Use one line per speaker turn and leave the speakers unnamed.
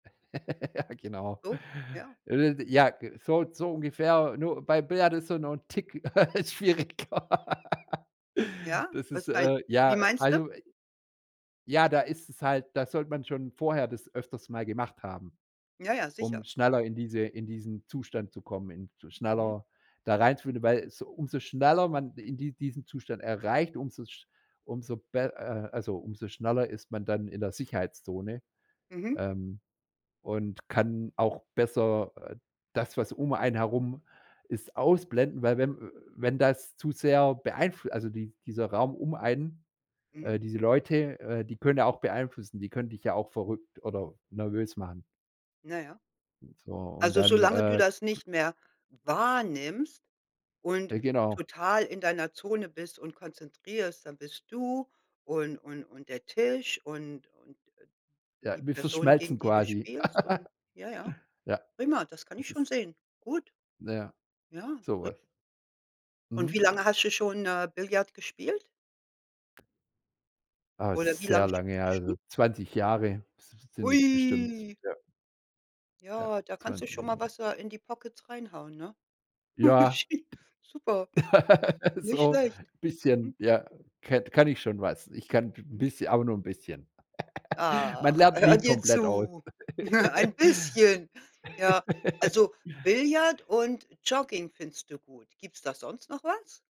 Ja, genau.
Oh, ja.
[unintelligible] Ja, so so ungefähr, nur bei Billard ist so noch 'n Tick schwieriger.
Ja.
Das ist,
Was meinst
äh,
wie
ja,
meinst du?
also i ja, da ist es halt da sollte man schon vorher das öfters mal gemacht haben,
Ja, ja, sicher.
um schneller in diese in diesen Zustand zu kommen, in sch
Mhm.
schneller da reinzufinden, weil so umso schneller man in die diesen Zustand erreicht, umso sch umso be äh, also umso schneller ist man dann in der Sicherheitszone,
Mhm.
ähm, und kann auch besser, äh, das, was um einen herum ist ausblenden, weil wenn äh, wenn das zu sehr beeinfl also die dieser Raum um einen
Mhm.
äh, diese Leute, äh, die können ja auch beeinflussen, die können dich ja auch verrückt oder nervös machen.
Ja, ja.
Und so, und
Also
dann,
solange du
äh,
das
ge
nicht mehr wahrnimmst und
Äh, genau.
total in deiner Zone bist und konzentrierst, dann bist du und und und der Tisch und und, äh,
Ja,
die
wir
Person,
verschmelzen
gegen die du
quasi.
spielst und ja, ja.
Ja,
Prima, das kann
es
ich schon
ist
sehen. Gut.
na ja,
Ja,
so
ri
was.
Und wie
Mhm.
lange hast du schon, äh, Billard gespielt?
Ah,
Oder wie
sehr
lange
lange her
spielst du
also
schon?
20 Jahre se se sind es bestimmt,
Ui.
ja. Ja,
Ja, da kannst du
20
schon mal
Jahre.
was, äh, in die Pockets reinhauen, ne?
Ja,
[unintelligible] super. Nicht
so
schlecht.
bisschen,
Mhm.
ja, ket kann ich schon was. Ich kann b
Mhm.
bisschen, aber nur 'n bisschen. Man
Ach,
lernt
hör
nie
dir
komplett aus.
zu. Ein bisschen. Ja, also Billard und Jogging findest du gut. Gibt's da sonst noch was?